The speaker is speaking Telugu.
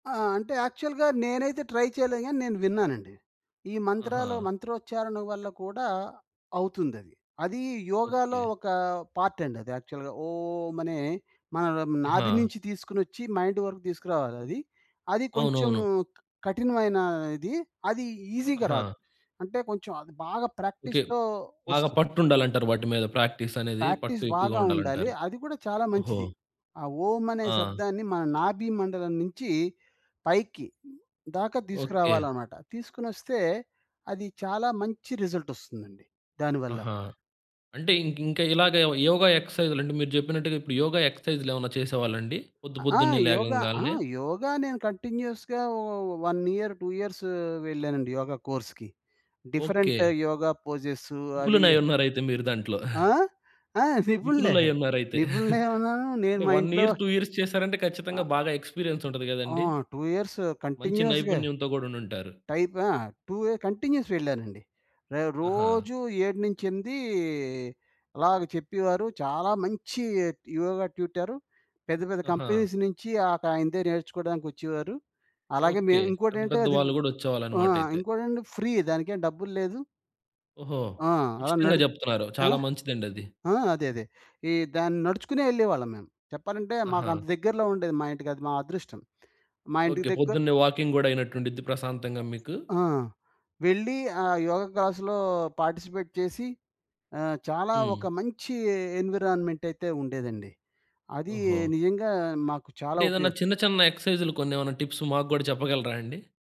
ఆ! అంటే యాక్చువల్‌గా నేనైతే ట్రై చేయలేదు గానీ నేను విన్నానండి. ఈ మంత్రాలో ఆహా! మంత్రోచ్చారణ వల్ల కూడా అవుతుందది. అది యోగాలో ఓకే. ఒక పార్ట్ అండి అది యాక్చువల్‌గా ఓం! అనే మనన ఆహా! నాభి నుంచి తీసుకొనోచ్చి మైండ్ వరకు తీసుకురావాలది. అది కొంచెం అవునవును. కఠినమైన ఇది అది ఈజిగా ఆహా! రాదు. అంటే కొంచెం అది బాగా ఓకే. ప్రాక్టీస్‌తో బాగా ఒస్తుంది. పట్టుండాలంటారు. వాటి మీద ప్రాక్టీసనేది పట్టు ప్రాక్టీస్ ఎక్కువగా బాగా ఉండాలి. ఉండాలంటారు. అది కూడా చాలా ఓహో! మంచిది. ఆ ఓం! అనే ఆ! శబ్దాన్ని మన నాభి మండలం నించి పైకి దాకా ఓకే. తీసుకురావాలన్నమాట. తీసుకొనొస్తే అది చాలా మంచి రిజల్ట్ ఒస్తుందండి. దాని వల్ల. ఆహా! అంటే ఇంక ఇంకా ఇలాగ యోగా ఎక్సర్సైజ్‌లంటే మీరు జెప్పినట్టుగా ఇప్పుడు యోగా ఎక్సర్సైజ్‌లేమన్నా చేసేవాళ్ళండి? పొద్దు ఆహ్, ఆ! పొద్దున్నే యోగ, ఆ! లేగవంగలనే. యోగ నేను కంటిన్యూయస్‌గా ఒ 1 ఇయర్ 2 ఇయర్స్ వెళ్ళానండి. యోగ కోర్స్‌కి. Different okay. యోగ పోజెస్ అవి నిపుణులయునరయితే మీరు దాంట్లో. ఆ? ఆ! నిపుణులే నిపుణులయునరయితే. నిపుణులైయున్నాను నేను అంటే మా 1 ఇంట్లో ఇయర్ 2 ఇయర్స్ చేసారంటే ఖచ్చితంగా అ బాగా ఎక్స్పీరియన్స్ ఉంటది ఆ! గదండీ! 2 ఇయర్స్ మంచి కంటిన్యూయస్‌గా నైపుణ్యంతో గూడా ఉండుంటారు. టైప్ ఆ! 2 యె కంటిన్యూయస్ వెళ్ళానండి. ర ఆహా! రోజూ 7-8 అలాగా చెప్పేవారు చాలా మంచి యోగా ట్యూటర్. పెద్ద పెద్ద ఆహా! కంపెనీస్ నించి అక ఆయనదే నేర్చుకోవడానికొచ్చేవారు. అలాగే ఓకే. మేము ఇంకోటి పెద్ద ఏంటే పెద్ద అది వాళ్ళు గూడా ఆ! ఒచ్చేవాళ్ళన్నమాటయితే. ఇంకోటేంటే ఫ్రీ దానికేం డబ్బులు లేదు. ఓహో! ఆ! అలా ఉచితంగా నడు జెప్తున్నారు. ఆ? చాలా మంచిదండది. ఆ! అదే. అదే. ఈ దాన్ని నడుచుకునే ఎళ్ళేవాళ్ళం మేము. చెప్పాలంటే ఆహా! మాకంత దగ్గరలో ఉండేది మా ఇంటికది మా అదృష్టం. మా ఇంటికి ఓకే. దగ్గర పొద్దున్నే వాకింగ్ గూడా అయినట్టుండిద్ది ప్రశాంతంగా మీకు. ఆ! వెళ్ళి ఆహ్, యోగ క్లాస్‌లో పార్టిసిపేట్ చేసి ఆహ్, చాలా ఒక హ్మ్. మంచి ఎన్విరాన్మెంటయితే ఉండేదండి. అది ఓహో! నిజంగా మాకు అంటే చాలా ఏదన్నా ఉపయోగం. చిన్న చిన్న ఎక్సర్సైజ్లు కొనేవన్నా టిప్స్ మాకు గుడా చెప్పగలరాండి?